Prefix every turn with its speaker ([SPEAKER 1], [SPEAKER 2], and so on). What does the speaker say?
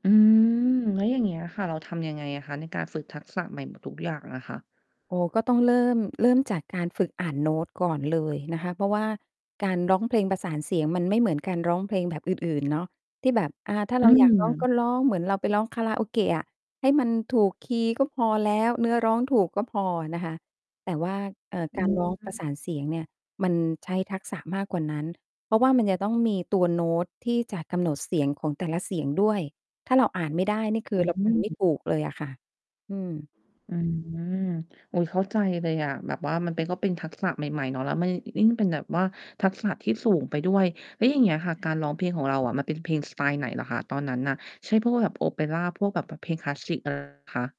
[SPEAKER 1] อืม แล้วอย่างเงี้ยค่ะ เราทำยังไงอะคะ ในการฝึกทักษะใหม่หมดทุกอย่างอะค่ะ?
[SPEAKER 2] โอ้ ก็ต้องเริ่ม เริ่มจากการฝึกอ่านโน้ตก่อนเลยนะคะ เพราะว่าการร้องเพลงประสานเสียง มันไม่เหมือนการร้องเพลงแบบ อื่น ๆ เนาะ ที่แบบ อ่า ถ้า
[SPEAKER 1] อ
[SPEAKER 2] เ
[SPEAKER 1] ื
[SPEAKER 2] ราอยากร้อง ก
[SPEAKER 1] ม
[SPEAKER 2] ็ร้อง เหมือนเราไปร้อง Karaoke อะให้มันถูกคีย์ก็พอแล้ว เนื้อร้องถูกก็พอนะคะ แต่ว่า เอ่อ
[SPEAKER 1] อ
[SPEAKER 2] ก
[SPEAKER 1] ื
[SPEAKER 2] ารร้อง ประ
[SPEAKER 1] ม
[SPEAKER 2] สานเสียงเนี่ย มันใช้ทักษะมากกว่านั้น เพราะว่ามันจะต้องมีตัวโน้ต ที่จะกำหนดเสียง ของแต่ละเสียงด้วย ถ้าเราอ่าน ไม่ได้ นี่คื
[SPEAKER 1] อ
[SPEAKER 2] อ เราไปไม่
[SPEAKER 1] ืม
[SPEAKER 2] ถูกเลยอะค่ะ อืม
[SPEAKER 1] อืม โอ้โฮ เข้าใจเลยอะแบบว่ามันเป็น ก็เป็น ทักษะ ใหม่ ๆ เนาะ แล้วมันยิ่ง เป็นแบบว่า ทักษะที่สูง ไปด้วย แล้วอย่างเงี้ยค่ะ การร้องเพลงของเราอะมันเป็นเพลงสไตล์ไหนเหรอคะ? ตอนนั้นน่ะ ใช่พวกแบบโอเปรา พวกแบบปะ เพลงคลาสสิก อะไร คะ?